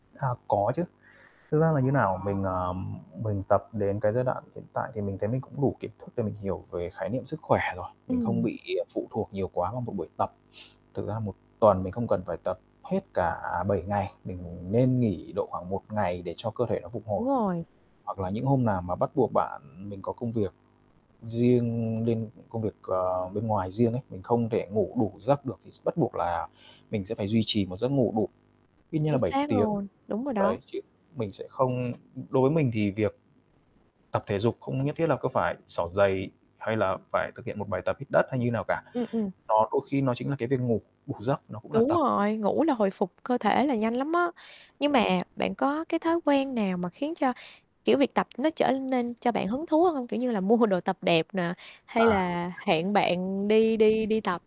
À, có chứ. Thực ra là như nào, mình, ờ, mình tập đến cái giai đoạn hiện tại thì mình thấy mình cũng đủ kiến thức để mình hiểu về khái niệm sức khỏe rồi, mình không Ừm. bị phụ thuộc nhiều quá vào một buổi tập. Thực ra 1 tuần mình không cần phải tập hết cả 7 ngày, mình nên nghỉ độ khoảng 1 ngày để cho cơ thể nó phục hồi. Đúng rồi. Hoặc là những hôm nào mà bắt buộc bạn mình có công việc riêng nên công việc, ờ, bên ngoài riêng ấy, mình không thể ngủ đủ giấc được thì s bắt buộc là mình sẽ phải duy trì một giấc ngủ đủ, ít nhất là Chính 7 xác tiếng. luôn, đúng rồi đó. Đấy, chứ mình sẽ không đối với mình thì việc tập thể dục không nhất thiết là cứ phải xỏ giày hay là phải thực hiện một bài tập hít đất hay như nào cả. Ừm, ừm. Nó đôi khi nó chính là cái việc ngủ đủ giấc, nó cũng là Đúng tập. rồi, ngủ là hồi phục cơ thể là nhanh lắm á. Nhưng mà bạn có cái thói quen nào mà khiến cho, kiểu, việc tập nó trở nên cho bạn hứng thú hơn, kiểu như là, mua đồ tập đẹp nè, hay À. là hẹn bạn đi đi đi tập?